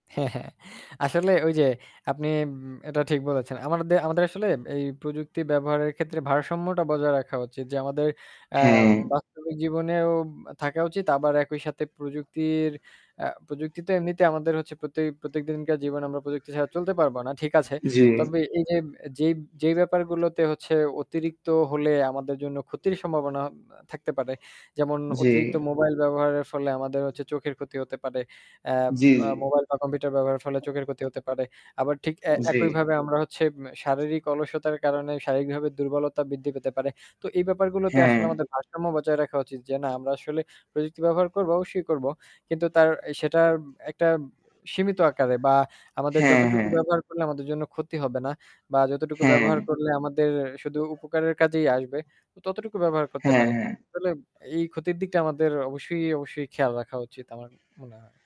হ্যাঁ, হ্যাঁ। আসলে ওই যে আপনি ম এটা ঠিক বলেছেন। আমাদের আমাদের আসলে এই প্রযুক্তি ব্যবহারের ক্ষেত্রে ভারসাম্যটা বজায় রাখা উচিত। যে আমাদের আ হ্যাঁ। বাস্তবিক জীবনেও থাকা উচিত। আবার একই সাথে প্রযুক্তির আ প্রযুক্তি তো এমনিতে আমাদের হচ্ছে প্রতি প্রত্যেকদিনকার জীবনে আমরা প্রযুক্তি ছাড়া চলতে পারবো না ঠিক আছে। জী। তবে এই যে যেই, যেই, ব্যাপারগুলোতে হচ্ছে অতিরিক্ত হলে আমাদের জন্য ক্ষতির সম্ভাবনা থাকতে পারে যেমন অতিরিক্ত জি। মোবাইল ব্যবহারের ফলে আমাদের হচ্ছে চোখের ক্ষতি হতে পারে। এ্যাম জ্বি, আ জ্বি। মোবাইল বা কম্পিউটার ব্যবহারের ফলে চোখের ক্ষতি হতে পারে আবার ঠিক এ্যা জ্বী। একইভাবে আমরা হচ্ছে উম শারীরিক অলসতার কারণে শারীরিকভাবে দুর্বলতা বৃদ্ধি পেতে পারে। তো এই ব্যাপারগুলোতে হ্যাঁ। আসলে আমাদের ভারসাম্য বজায় রাখা উচিত। যে না আমরা আসলে প্রযুক্তি ব্যবহার করব অবশ্যই করবো। কিন্তু তার সেটার একটা সীমিত আকারে বা আমাদের হ্যাঁ, যতটুকু হ্যাঁ। ব্যবহার করলে আমাদের জন্য ক্ষতি হবে না বা যতটুকু হ্যাঁ। ব্যবহার করলে আমাদের শুধু উপকারের কাজেই আসবে ততটুকু ব্যবহার করতে হ্যাঁ, পারি। হ্যাঁ। আসলে এই ক্ষতির দিকটা আমাদের অবশ্যই, অবশ্যই খেয়াল রাখা উচিত আমার মনে হয়।